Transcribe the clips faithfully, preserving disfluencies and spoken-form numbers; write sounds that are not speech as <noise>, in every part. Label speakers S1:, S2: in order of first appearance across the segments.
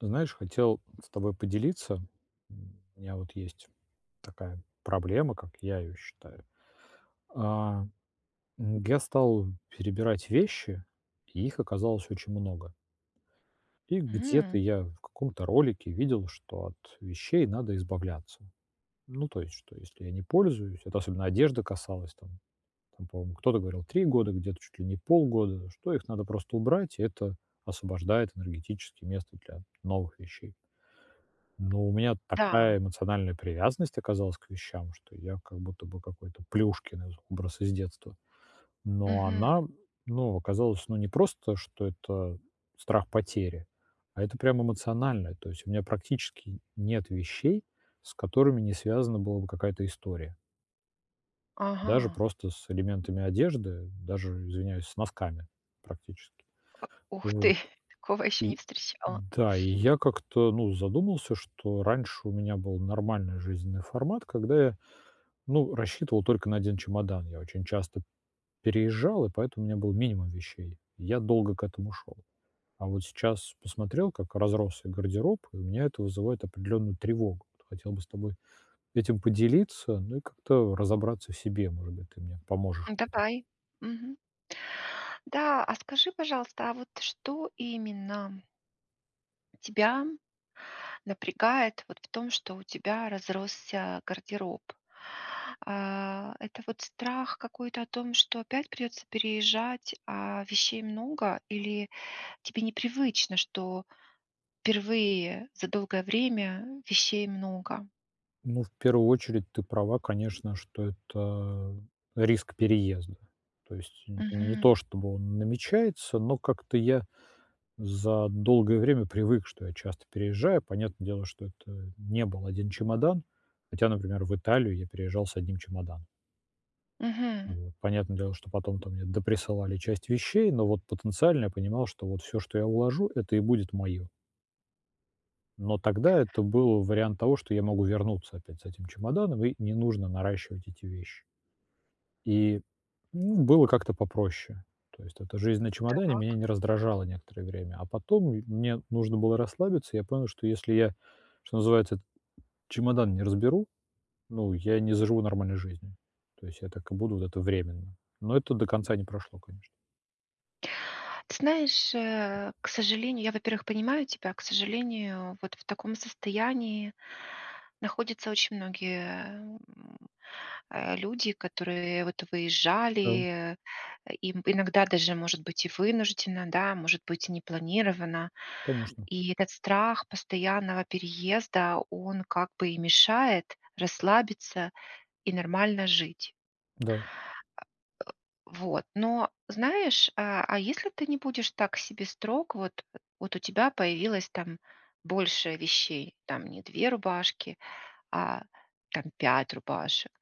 S1: Ты знаешь, хотел с тобой поделиться, у меня вот есть такая проблема, как я её считаю. А, я стал перебирать вещи, и их оказалось очень много и
S2: М.
S1: где-то я в каком-то ролике видел, что от вещей надо избавляться. Ну, то есть, что если я не пользуюсь- это особенно одежды касалось- там там, по-моему, кто-то говорил- три года, где-то- чуть ли не полгода, что их надо просто убрать, и это освобождает энергетически место для новых вещей. Но у меня
S2: Да.
S1: такая эмоциональная привязанность оказалась к вещам, что я как будто бы какой-то Плюшкин из образ из детства. Но
S2: Мгм.
S1: она, ну, оказалась, ну, не просто, что это страх потери, а это прямо эмоциональное, то есть у меня практически нет вещей, с которыми не связана была бы какая-то история. Даже
S2: Ага.
S1: просто с элементами одежды, даже, извиняюсь, с носками практически.
S2: Ух
S1: Вот.
S2: ты, такого я ещё не
S1: И
S2: встречала!
S1: да, и я как-то, ну, задумался, что раньше у меня был нормальный жизненный формат, когда я, ну, рассчитывал только на один чемодан. Я очень часто переезжал, и поэтому у меня был минимум вещей, и я долго к этому шёл. А вот сейчас посмотрел, как разросся гардероб, и у меня это вызывает определенную тревогу. Вот хотел бы с тобой этим поделиться, ну, и как-то разобраться в себе. Может быть, ты мне поможешь
S2: Ну,
S1: в этом.
S2: давай, мгм. Да, а скажи, пожалуйста, а вот что именно? Тебя напрягает вот в том, что у тебя разросся гардероб? Э, это вот страх какой-то о том, что опять придётся переезжать, а вещей много, или тебе непривычно, что впервые за долгое время вещей много?
S1: Ну, в первую очередь ты права, конечно, что это риск переезда. То есть н не
S2: Мгм.
S1: то чтобы он намечается, но как-то я за долгое время привык, что я часто переезжаю. Понятное дело, что это не был один чемодан. Хотя, например, в Италию я переезжал с одним чемоданом.
S2: Мгм.
S1: Вот. Понятное дело, что потом там мне доприсылали часть вещей, но вот потенциально я понимал, что вот всё, что я уложу,- это и будет моё. Но тогда это был вариант того, что я могу вернуться опять с этим чемоданом и не нужно наращивать эти вещи. И, ну, было как-то попроще. То есть эта жизнь на чемодане меня
S2: Так.
S1: не раздражала некоторое время. А потом, ну, и мне нужно было расслабиться, и я понял, что если я, что называется, чемодан не разберу, ну, я не заживу нормальной жизнью. То есть я так и буду вот это временно. Но это до конца не прошло, конечно.
S2: Ты знаешь, э, к сожалению, я, во-первых, понимаю тебя. К сожалению, вот в таком состоянии находятся очень многие, э, м, э, люди, которые вот
S1: Да.
S2: выезжали, э, им иногда даже, может быть, и вынужденно, да, может быть, непланированно.
S1: Конечно.
S2: И этот страх постоянного переезда, он как бы и мешает расслабиться и нормально жить.
S1: Да.
S2: <grunts> Вот. Но знаешь, э, а, если ты не будешь так к себе строг, э, вот у тебя появилось там больше вещей, там не две рубашки, а там пять рубашек.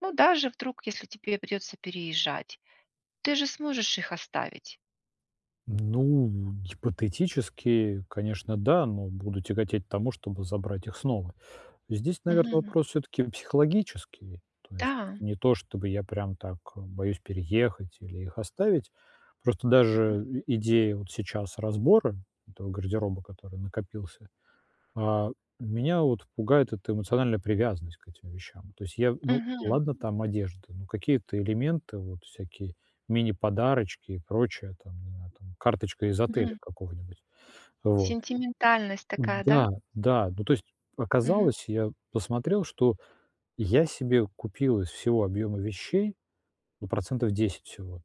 S2: Ну, даже вдруг, если тебе придётся переезжать, ты же сможешь их оставить.
S1: Ну, гипотетически, конечно, да, но буду тяготеть к тому, чтобы забрать их снова. Здесь, наверно,
S2: Мгм.
S1: вопрос всё-таки психологический. То есть
S2: Да.
S1: не то чтобы я прям так, а, боюсь переехать или их оставить. Просто
S2: Мгм.
S1: даже идея вот сейчас разбора этого гардероба, который накопился, а, меня вот пугает эта эмоциональная привязанность к этим вещам. То есть я ну,
S2: Мгм.
S1: ладно там одежда, но какие-то элементы, вот всякие мини-подарочки и прочее. Там, не знаю, там карточка из отеля
S2: Мгм.
S1: какого-нибудь. Вот и
S2: Сентиментальность такая, да?
S1: да, да. Ну, то есть
S2: Мгм.
S1: оказалось, я посмотрел, что я себе купил из всего объёма вещей, ну, процентов десять всего.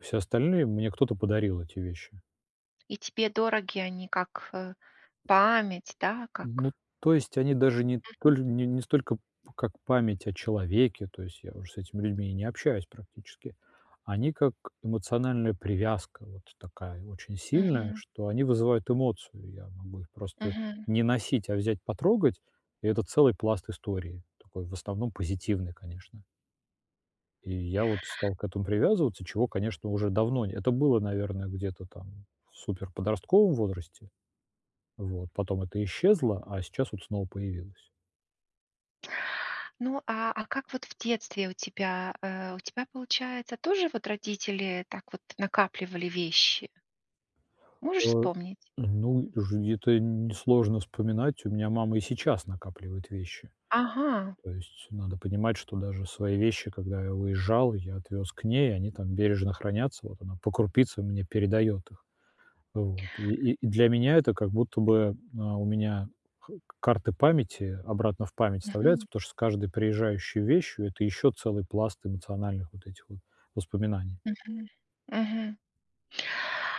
S1: Все остальные, мне кто-то подарил эти вещи.
S2: И тебе дороги, они как, э, память, да,
S1: Ну,
S2: как
S1: то есть они даже не
S2: Мгм.
S1: толь не не столько как память о человеке, то есть я уже с этими людьми не общаюсь практически, они как эмоциональная привязка, вот такая очень сильная,
S2: Мгм.
S1: что они вызывают эмоцию, я могу их просто
S2: Мгм.
S1: не носить, а взять, потрогать, и это целый пласт истории, такой в основном позитивный, конечно. И я вот стал к этому привязываться, чего, конечно, уже давно не Это было, наверное, где-то там в суперподростковом возрасте. Вот, потом это исчезло, а сейчас вот снова появилось.
S2: Ну, а, а как вот в детстве у тебя, э, у тебя получается, тоже вот родители так вот накапливали вещи? Можешь
S1: А,
S2: вспомнить?
S1: ну, и уже где-то н несложно вспоминать, у меня мама и сейчас накапливает вещи.
S2: Ага.
S1: То есть надо понимать, что даже свои вещи, когда я уезжал, я отвез к ней, они там бережно хранятся, вот она по крупице мне передает их. Вот, и и для меня это как будто бы, а, у меня к карты памяти обратно в память
S2: Мгм.
S1: вставляются, потому что с каждой приезжающей вещью это еще целый пласт эмоциональных вот этих вот воспоминаний.
S2: Мгм, мгм.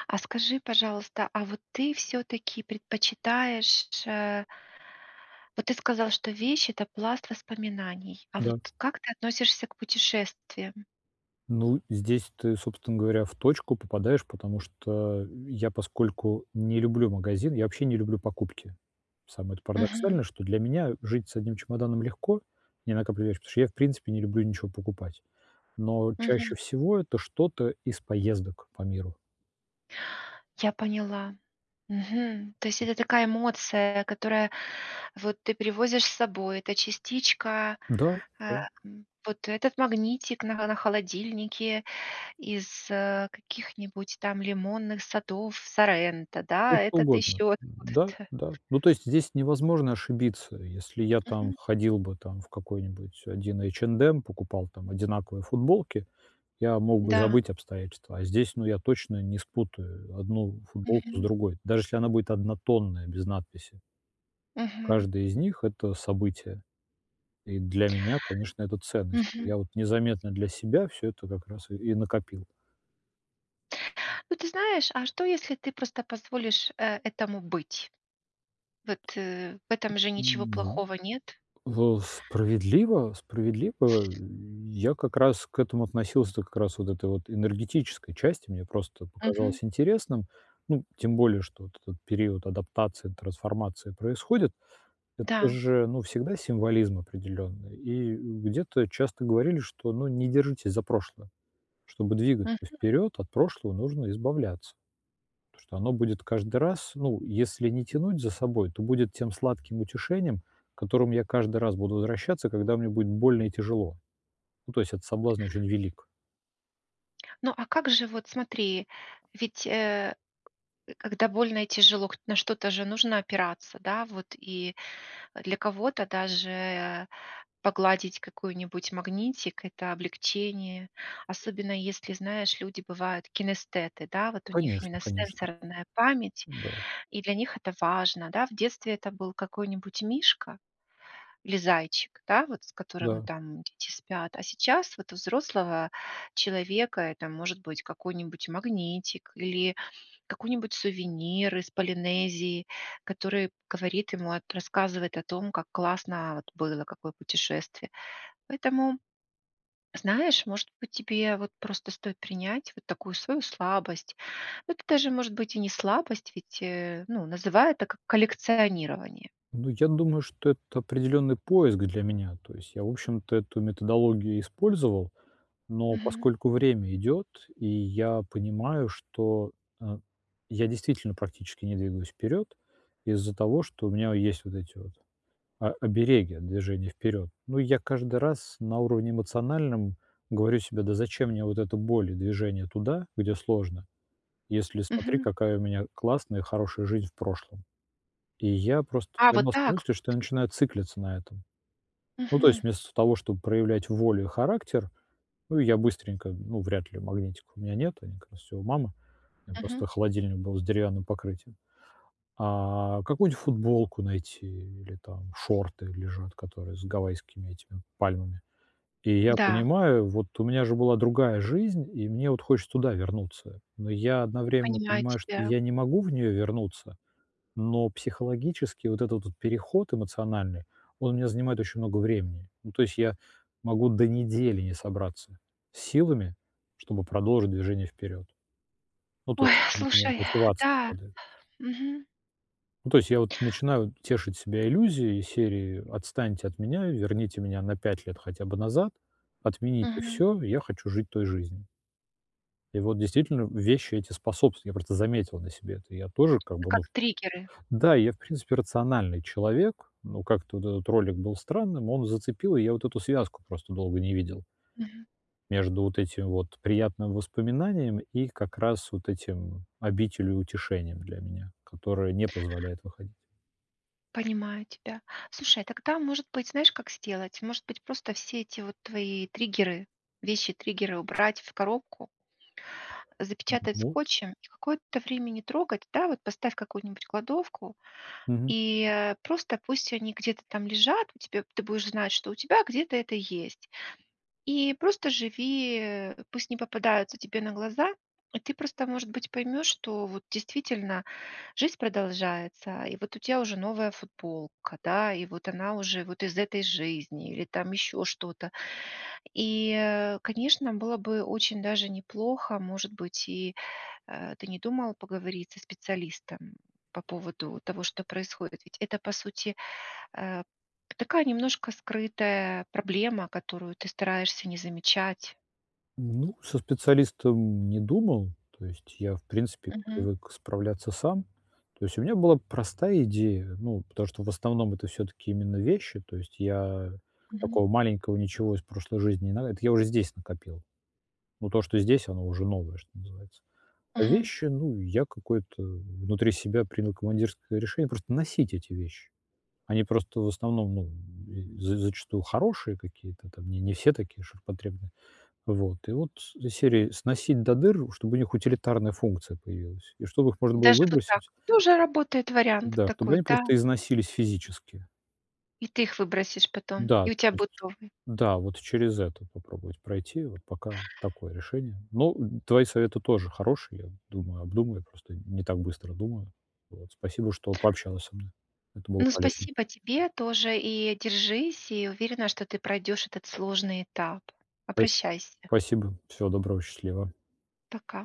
S2: А, скажи, пожалуйста, а вот ты всё-таки предпочитаешь э вот ты сказал, что вещь- это пласт воспоминаний, а вот
S1: Да.
S2: как ты относишься к путешествиям?
S1: Ну, здесь ты, собственно говоря, в точку попадаешь, потому что я поскольку не люблю магазины, я вообще не люблю покупки. Самое-то
S2: Мгм.
S1: парадоксальное, что для меня жить с одним чемоданом легко, не накапливаешь, потому что я, в принципе, не люблю ничего покупать. Но
S2: Мгм.
S1: чаще всего это что-то из поездок по миру.
S2: Я поняла, мгм, то есть это такая эмоция, которая, вот, ты привозишь с собой, эта частичка,
S1: Да,
S2: ам,
S1: да.
S2: вот этот магнитик на холо на холодильнике из, э, каких-нибудь там лимонных садов Соренто,
S1: Да
S2: да,
S1: что
S2: этот
S1: угодно.
S2: еще
S1: Да,
S2: откуда-то.
S1: да, ну, то есть здесь невозможно ошибиться. Если я там
S2: Мгм.
S1: ходил бы там в какой-нибудь один H&M, покупал там одинаковые футболки, я мог бы
S2: Да.
S1: забыть обстоятельства, а здесь, ну, я точно не спутаю одну футболку с
S2: Мгм.
S1: другой, даже если она будет однотонная без надписи.
S2: Мгм.
S1: Каждая из них- это событие, и для меня, конечно, это ценность.
S2: Мгм.
S1: Я вот незаметно для себя всё это как раз и и накопил.
S2: Ну, ты знаешь, а что, если ты просто позволишь, э, этому быть? Вот, э, в этом же ничего
S1: Ну,
S2: плохого нет?
S1: в справедливо справедливо, э. Я как раз к этому относился, та как раз вот этой вот энергетической части. Мне просто показалось
S2: Мгм.
S1: интересным. Ну, тем более что вот этот период адаптации, трансформация происходит. Это
S2: Да.
S1: же, ну, всегда символизм определённый. И, э, где-то часто говорили, что, ну, не держитесь за прошлое. Чтобы двигаться
S2: Мгм.
S1: вперёд, от прошлого нужно избавляться. Потому что оно будет каждый раз, ну, если не тянуть за собой, то будет тем сладким утешением, к которому я каждый раз буду возвращаться, когда мне будет больно и тяжело. Ну, то есть этот соблазн очень велик.
S2: Ну, а как же вот, смотри, ведь, э, когда больно и тяжело, к на что-то же нужно опираться, да, вот. И для кого-то даже погладить какой-нибудь магнитик- это облегчение. Особенно если, знаешь, люди бывают кинестеты, да, вот у них
S1: Конечно,
S2: именно
S1: конечно.
S2: сенсорная память,
S1: Да.
S2: и для них это важно, да. В детстве это был какой-нибудь мишка или зайчик, да, вот с которым
S1: Да.
S2: там дети спят. А сейчас вот у взрослого человека это может быть какой-нибудь магнитик или какой-нибудь сувенир из Полинезии, который говорит ему о т рассказывает о том, как классно вот было, какое путешествие. Поэтому, знаешь, может быть, тебе вот просто стоит принять вот такую свою слабость. Это даже, может быть, и не слабость, ведь, э, ну, называй это как коллекционирование.
S1: Ну, я думаю, что это определённый поиск для меня. То есть я, в общем-то, эту методологию использовал. Но
S2: Мгм.
S1: поскольку время идёт, и я понимаю, что, э, я действительно практически не двигаюсь вперёд из-за того, что у меня есть вот эти вот о обереги от движения вперёд. Ну, и я каждый раз на уровне эмоциональном говорю себе: "Да зачем мне вот эта боль и движение туда, где сложно, если, смотри,
S2: Мгм.
S1: какая у меня классная, хорошая жизнь в прошлом?". И я просто
S2: А вот
S1: поймал ся на
S2: так
S1: мысли, что
S2: вот?
S1: я начинаю циклиться на этом. Ну, то есть
S2: Мгм.
S1: вместо того, чтоб проявлять волю и характер, ну, и я быстренько ну, вряд ли, магнитика у меня нету, они как раз все у мамы. У меня просто
S2: Мгм.
S1: холодильник был с деревянным покрытием. А какую-нибудь футболку найти или там шорты лежат, которые с гавайскими этими пальмами. И я
S2: Да.
S1: понимаю: "Вот у меня же была другая жизнь, и мне вот хочется туда вернуться". Но я одновременно
S2: Понимаю
S1: понимаю, что
S2: тебя.
S1: я не могу в неё вернуться. Но психологически вот этот вот переход эмоциональный, он у меня занимает очень много времени. Ну, то есть я могу до недели не собраться с силами, чтобы продолжить движение вперед. Ну, то
S2: Ой,
S1: есть у меня
S2: слушай,
S1: мотивация
S2: да.
S1: падает.
S2: Мгм.
S1: Ну, то есть я, вот, начинаю тешить себя иллюзией из серии: "Отстаньте от меня, верните меня на пять лет хотя бы назад". Отмените
S2: Мгм.
S1: всё, я хочу жить той жизнью. И вот, действительно, вещи эти способствуют. Я просто заметил на себе это. Я тоже, как бы, ну,
S2: Как
S1: в
S2: триггеры.
S1: Да, и я, в принципе, рациональный человек, но как-то вот этот ролик был странным, он зацепил, и я вот эту связку просто долго не видел.
S2: Мгм.
S1: Между вот этим вот приятным воспоминанием, и как раз вот этим, обителью и утешением для меня, которое не позволяет выходить.
S2: Понимаю тебя. Слушай, тогда может быть, знаешь, как сделать? Может быть, просто все эти, вот, твои триггеры- вещи-триггеры убрать в коробку,
S1: М м
S2: запечатать
S1: может.
S2: скотчем и какое-то время не трогать. Да, вот поставь в какую-нибудь кладовку,
S1: Мгм.
S2: и, э, просто пусть они где-то там лежат, у тебя, ты будешь знать, что у тебя где-то это есть. И просто живи, э, пусть не попадаются тебе на глаза. И ты, просто, может быть, поймёшь, что вот действительно жизнь продолжается, и вот у тебя уже новая футболка, да, и вот она уже вот из этой жизни или там ещё что-то. И, э, конечно, было бы очень даже неплохо, может быть, и, э, ты не подумала поговорить со специалистом по поводу того, что происходит? Ведь это, по сути, э, такая, немножко скрытая проблема, которую ты стараешься не замечать.
S1: Ну, со специалистом не думал, то есть я, в принципе,
S2: Мгм.
S1: привык справляться сам. То есть у меня была простая идея, ну потому что в основном это всё-таки именно вещи, то есть я
S2: Мгм.
S1: такого маленького ничего из прошлой жизни не надо, это я уже здесь накопил. Но то, что здесь, оно уже новое, что называется. А
S2: Мгм.
S1: вещи, ну, я какое-то в внутри себя принял командирское решение- просто носить эти вещи. Они просто, в основном, ну, з зачастую хорошие какие-то там, не не все такие ширпотребные. Вот. И вот из серии "сносить до дыр", ну, чтобы у них утилитарная функция появилась и чтобы их можно было
S2: Даже вот
S1: выбросить
S2: так. Тоже работает вариант
S1: Да, чтобы
S2: такой,
S1: они
S2: да.
S1: просто износились физически.
S2: И ты их выбросишь потом.
S1: Да,
S2: И
S1: то
S2: у тебя
S1: есть
S2: будет новый.
S1: Да, вот через это попробовать пройти, вот пока такое решение. Ну, твои советы тоже хорошие, я, думаю, обдумаю, просто не так быстро думаю. Вот, спасибо, что пообщалась со мной. Это было
S2: Ну,
S1: полезно.
S2: спасибо тебе тоже, и держись, и я уверена, что ты пройдёшь этот сложный этап.
S1: <unintelligible>
S2: Обращайся!
S1: Спасибо. Всего доброго, счастливо.
S2: Пока.